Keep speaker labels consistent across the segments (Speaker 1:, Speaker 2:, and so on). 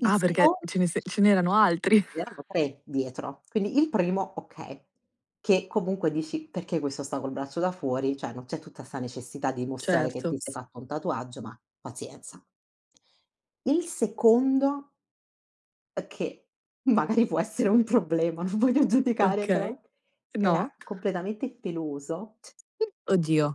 Speaker 1: Il
Speaker 2: Ah
Speaker 1: secon
Speaker 2: perché ce ne se ce n'erano altri?
Speaker 1: Ed erano 3 dietro. Quindi il primo, okay. Che comunque dici: "Perché questo sta col braccio da fuori? Cioè non c'è tutta sta necessità di dimostrare che
Speaker 2: Certo,
Speaker 1: ti sei
Speaker 2: s
Speaker 1: fatto un tatuaggio, ma pazienza". Il secondo è che, magari può essere un problema, non voglio giudicare però,
Speaker 2: Okay.
Speaker 1: era
Speaker 2: No.
Speaker 1: completamente peloso.
Speaker 2: Oddio.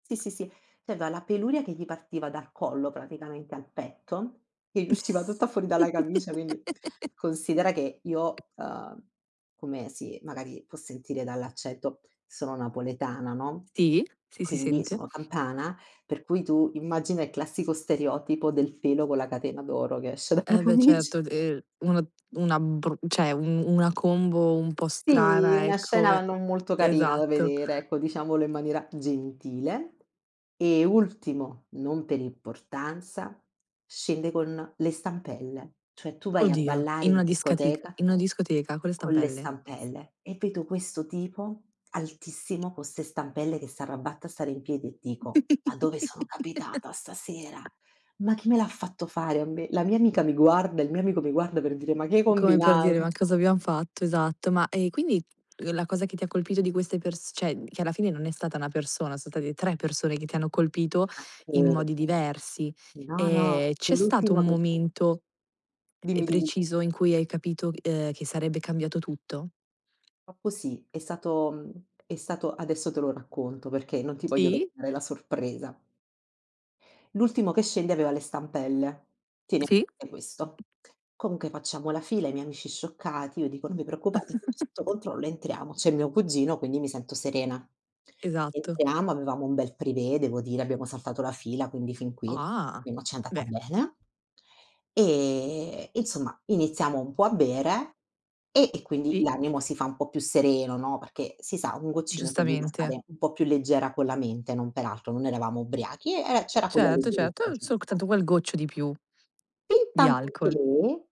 Speaker 1: Sì, sì, sì, cioè aveva la peluria che gli partiva dal collo praticamente al petto, che gli usciva tutta fuori dalla camicia, quindi considera che io, uhm, come si magari può sentire dall'accento, sono napoletana, no,
Speaker 2: Sì, sì, si
Speaker 1: quindi
Speaker 2: sente.
Speaker 1: sono campana, per cui tu, immagina il classico stereotipo del pelo con la catena d'oro che esce
Speaker 2: E
Speaker 1: dalla
Speaker 2: beh certo,
Speaker 1: camic
Speaker 2: d ehm, una una bru cioè un una combo un po'
Speaker 1: Sì,
Speaker 2: strana
Speaker 1: una
Speaker 2: ecco,
Speaker 1: scena
Speaker 2: e
Speaker 1: non molto carina da
Speaker 2: esatto.
Speaker 1: vedere, ecco, diciamolo in maniera gentile. E ultimo, non per importanza, scende con le stampelle. Cioè tu vai a
Speaker 2: Oddio,
Speaker 1: ballare
Speaker 2: in
Speaker 1: in
Speaker 2: una discatic
Speaker 1: discoteca
Speaker 2: in una discoteca con le
Speaker 1: con le
Speaker 2: stampelle?
Speaker 1: stampelle? E vedo questo tipo altissimo con ste stampelle che s'arrabatta a stare in piedi e dico: "Ma dove sono capitata stasera? Ma chi me l'ha fatto fare a me?". La mia amica mi guarda, il mio amico mi guarda per dire: "Ma che hai
Speaker 2: Come per dire: "Ma
Speaker 1: combinato?".
Speaker 2: cosa abbiam fatto?". Esatto. Ma, ehm, quindi, uhm, la cosa che ti ha colpito di queste pers cioè, che alla fine non è stata una persona, son state 3 persone che ti hanno colpito in
Speaker 1: Macchè.
Speaker 2: modi diversi,
Speaker 1: No, no,
Speaker 2: ehm, c'è stato
Speaker 1: l'ultimo
Speaker 2: un
Speaker 1: che sce
Speaker 2: momento, ehm,
Speaker 1: Dimmi, dimmi.
Speaker 2: preciso in cui hai capito, ehm, che sarebbe cambiato tutto?
Speaker 1: Oppo sì, è stato mhmm, è stato adesso te lo racconto perché non ti voglio
Speaker 2: Sì.
Speaker 1: rovinare la sorpresa. L'ultimo che scende aveva le stampelle. Tieni a
Speaker 2: Sì.
Speaker 1: [unintelligible] questo. Comunque facciamo la fila, i miei amici scioccati io dico: "Non vi preoccupate, [unintelligible] sotto controllo". Entriamo. C'è mio cugino, quindi mi sento serena.
Speaker 2: Esatto.
Speaker 1: Entriamo, avevamo un bel privé devo dire, abbiamo saltato la fila, quindi fin qui,
Speaker 2: Ah!
Speaker 1: almeno ci è andata
Speaker 2: beh.
Speaker 1: bene. Ehm, e insomma iniziamo un po' a bere e e quindi
Speaker 2: Sì.
Speaker 1: l'animo si fa un po' più sereno, no, perché si sa, un goccino ti aiuta a
Speaker 2: Giustamente.
Speaker 1: stare un po' più leggera con la mente, non peraltro, non eravamo ubriachi, eh, eh, c'era quella
Speaker 2: Certo, certo,
Speaker 1: leggerezza
Speaker 2: ehm, solc
Speaker 1: giusta.
Speaker 2: tanto quel goccio di più di
Speaker 1: Fintanto
Speaker 2: alcol.
Speaker 1: che